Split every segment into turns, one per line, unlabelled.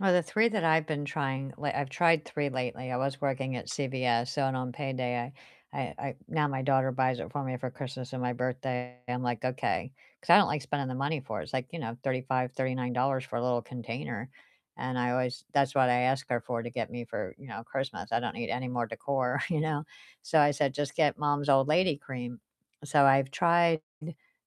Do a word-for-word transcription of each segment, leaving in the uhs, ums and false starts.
Well, the three that I've been trying like I've tried three lately. I was working at CVS, so and on payday I I I now my daughter buys it for me for Christmas and my birthday. I'm like, "Okay," 'cause I don't like spending the money for it. It's like, you know, thirty-five, thirty-nine dollars for a little container, and I always that's what I ask her for to get me for, you know, Christmas. I don't need any more decor, you know? So, I said, "Just get mom's old lady cream," so I've tried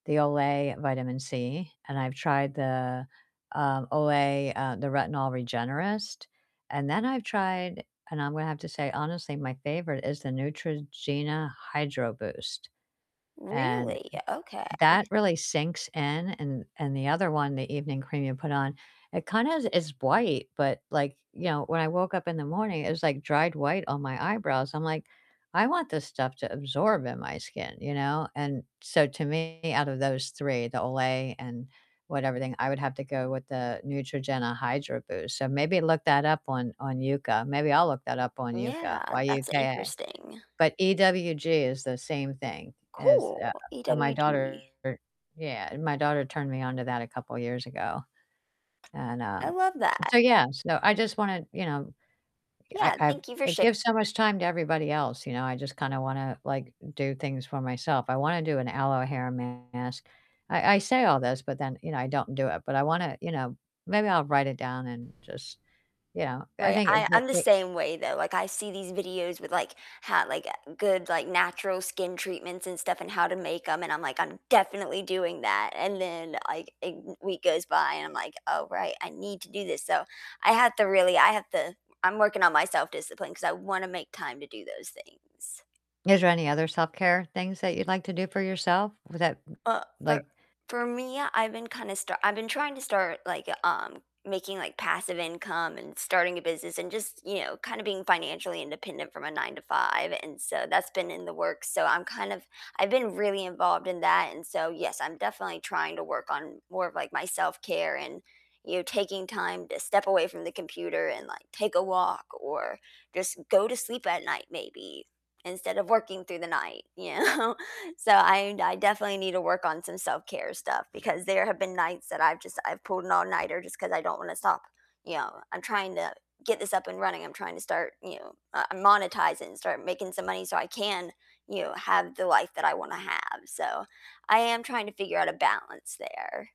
the Olay Vitamin C, and I've tried the, um, Olay, uh, the Retinol Regenerist, and then I've tried and I'm gonna have to say honestly my favorite is the Neutrogena Hydro Boost, and
Really? Okay.
that really sinks in and and the other one, the evening cream you put on, it kind of is bright but like, you know, when I woke up in the morning it was like dried white on my eyebrows. I'm like, "I want this stuff to absorb in my skin," you know, and so, to me, out of those three, the Olay and whatever thing, I would have to go with the Neutrogena Hydro Boost. So, maybe look that up on on Yuka. Maybe I'll look that up on Yuka.
Yeah, that's
Y-U-K-A.
interesting.
But EWG is the same thing as, uh
Cool,
and my daughter
EWG.
yeah, my daughter turned me onto that a couple years ago, and,
I
um
love that.
so yeah, so, I just wanna, you know, I
Yeah,
I've
thank you for
I
shar
give so much time to everybody else, you know? I just kinda wanna, like, do things for myself. I wanna do an aloe hair mask. I I say all this, but then, you know, I don't do it. But I wanna, you know maybe I'll write it down and just, you know. I
Right,
think it
I I'm
it
the
it
same way though. Like, I see these videos with, like, how like, good, like, natural skin treatments and stuff, and how to make 'em, and I'm like, "I'm definitely doing that," and then, like, a w week goes by and I'm like, "Oh, right, I need to do this," so, I have to really I have to I'm working on my self-discipline, 'cause I wanna make time to do those things.
Is there any other self-care things that you'd like to do for yourself? Wh that
Uh, for
like
for me, I've been kinda start I've been trying to start, like, um, making, like, passive income and starting a business, and just, you know, kinda being financially independent from a nine to five, and so, that's been in the works, so I'm kind of I've been really involved in that, and so, yes, I'm definitely trying to work on more of, like, my self-care and, you know, taking time to step away from the computer and, like, take a walk, or just go to sleep at night maybe instead of working through the night, you know? So I I definitely need to work on some self-care stuff, because there have been nights that I've just I've pulled an all-nighter just 'cause I don't wanna stop, you know? I'm trying to get this up and running. I'm trying to start, you know, uh, monetize it and start making some money so I can, you know, have the life that I wanna have. So, I am trying to figure out a balance there.